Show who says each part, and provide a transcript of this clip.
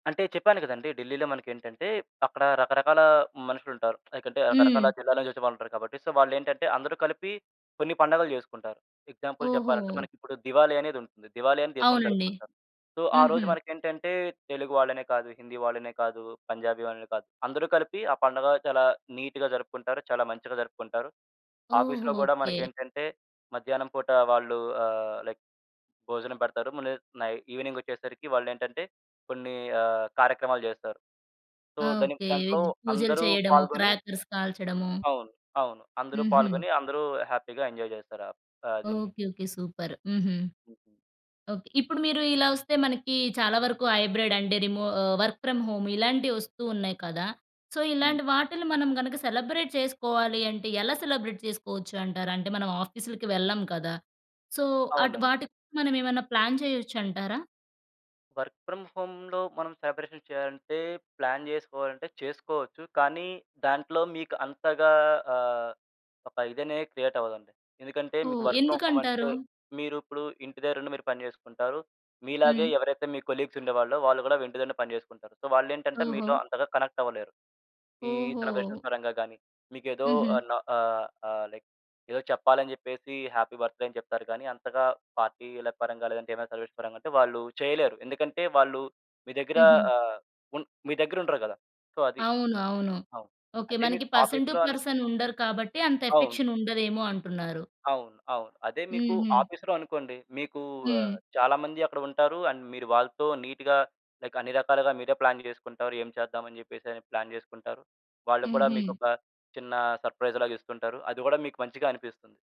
Speaker 1: అంటే చెప్పాను కదండీ! ఢిల్లీలో మనకేంటంటే, అక్కడ రకరకాల మనుషులుంటారు. లైకంటే, రకరకాల
Speaker 2: హ్మ్.
Speaker 1: జిల్లాల నుంచొచ్చే వాళ్ళుంటారు కాబట్టి. సో, వాల్లేంటంటే, అందరూ కలిపి కొన్ని పండగలు చేసుకుంటారు. ఎగ్జాంపుల్ చెప్పాలంటే
Speaker 2: ఓహో!
Speaker 1: మనకిప్పుడు దివాలీ అనేదుంటుంది. దివాలీ అని దేశంలో
Speaker 2: అవునండి.
Speaker 1: జరుపుకుంటారు. సో,
Speaker 2: హుహు.
Speaker 1: ఆరోజు మనకేంటంటే, తెలుగు వాళ్ళనే కాదు, హిందీ వాళ్ళనే కాదు, పంజాబీ వాళ్ళనే కాదు. అందరూ కలిపి ఆ పండగ చాలా నీట్‌గా జరుపుకుంటారు. చాలా మంచిగా జరుపుకుంటారు.
Speaker 2: ఓహో!
Speaker 1: ఆఫీస్‌లో గూడా
Speaker 2: ఓకే.
Speaker 1: మనకేంటంటే, మధ్యాహ్నం పూట వాళ్ళు ఆహ్, లైక్ భోజనం పెడతారు. మళ్లీ నై ఈవెనింగొచ్చేసరికి వాళ్ళేంటంటే కొన్ని ఆహ్, కార్యక్రమాలు చేస్తారు. సో, దాని
Speaker 2: ఓకే.
Speaker 1: దాంట్లో
Speaker 2: వెజ్ పూజలు
Speaker 1: అందరూ
Speaker 2: చేయడము,
Speaker 1: పాల్గొని
Speaker 2: క్రాకర్స్ కాల్చడము.
Speaker 1: అవును. అవును. అందరూ
Speaker 2: హుహు.
Speaker 1: పాల్గొని అందరూ హ్యాపీ‌గా ఎంజాయ్ చేస్తారు. ఆప్ ఆహ్, దీన్ని.
Speaker 2: ఓకే. ఓకే. సూపర్. హుహు.
Speaker 1: హుహు.
Speaker 2: ఓకే. ఇప్పుడు మీరు ఇలా వస్తే మనకి చాలా వరకు హైబ్రిడ్ అంటే, రిమో వర్క్ ఫ్రామ్ హోమ్ ఇలాంటివస్తూ ఉన్నాయి కదా! సో,
Speaker 1: హ్మ్.
Speaker 2: ఇలాంటి వాటిలిని మనం గనక సెలబ్రేట్ చేసుకోవాలి అంటే, ఎలా సెలబ్రేట్ చేసుకోచ్చు అంటారు. అంటే మనం ఆఫీసులకి వెళ్ళం కదా! సో, అటు
Speaker 1: అవునండి.
Speaker 2: వాటికి మనమేమన్నా ప్లాన్ చేయొచ్చంటారా?
Speaker 1: వర్క్ ఫ్రామ్ హోమ్‌లో మనం సెలబ్రేషన్ చేయాలంటే, ప్లాన్ చేసుకోవాలంటే చేసుకోవచ్చు. కానీ దాంట్లో మీకు అంతగా ఆహ్, ఒక ఇదనేది క్రియేటవ్వదండి. ఎందుకంటే, మీకు
Speaker 2: ఓహ్!
Speaker 1: వర్క్ ఫ్రామ్ హోమ్
Speaker 2: ఎందుకంటారు?
Speaker 1: అంటే, మీరిప్పుడు ఇంటిదరుండి మీరు పని చేసుకుంటారు. మీలాగే
Speaker 2: హ్మ్.
Speaker 1: ఎవరైతే మీ కొలీగ్స్ ఉండేవాళ్ళో, వాళ్ళు కూడా ఇంటి దగ్గరనే పని చేసుకుంటారు. సో, వాల్లేంటంటే,
Speaker 2: ఓహో!
Speaker 1: మీలో అంతగా కనెక్టవ్వలేరు. ఈ
Speaker 2: ఓహో!
Speaker 1: సెలబ్రేషన్స్ పరంగా గాని, మీకేదో
Speaker 2: హుహు.
Speaker 1: ఆన ఆహ్, ఆహ్, లైక్ ఏదో చెప్పాలని చెప్పేసి హ్యాపీ బర్త్‌డే అని చెప్తారు గానీ, అంతగా పార్టీ‌ల పరంగా లేదంటే ఏమైనా సెలబ్రేషన్ పరంగా అంటే వాళ్ళు చేయలేరు. ఎందుకంటే వాళ్ళు మీ దగ్గర
Speaker 2: హుహు.
Speaker 1: ఆహ్, ఉన్ మీ దగ్గరుండరు కదా! సో, అది.
Speaker 2: అవును. అవును.
Speaker 1: అవును.
Speaker 2: ఓకే
Speaker 1: అదే
Speaker 2: మనకి
Speaker 1: మీకు
Speaker 2: పర్సన్ టు
Speaker 1: ఆఫీస్‌లో అని
Speaker 2: పర్సన్ ఉండరు కాబట్టి, అంత
Speaker 1: అవును.
Speaker 2: ఎఫెక్షన్ ఉండదేమో అంటున్నారు.
Speaker 1: అవును. అవును. అదే మీకు
Speaker 2: హుహు.
Speaker 1: ఆఫీస్‌లో అనుకోండి. మీకు ఆహ్,
Speaker 2: హ్మ్.
Speaker 1: చాలా మంది అక్కడ ఉంటారు. అండ్ మీరు వాళ్ళతో నీట్‌గా లైక్, అన్ని రకాలుగా మీరే ప్లాన్ చేసుకుంటారు. ఏం చేద్దామన్ని చెప్పేసని ప్లాన్ చేసుకుంటారు. వాళ్ళు కూడా
Speaker 2: హుహు.
Speaker 1: మీకొక చిన్న సర్ప్రైజ్‌లాగిస్తుంటారు. అది గూడా మీకు మంచిగా అనిపిస్తుంది.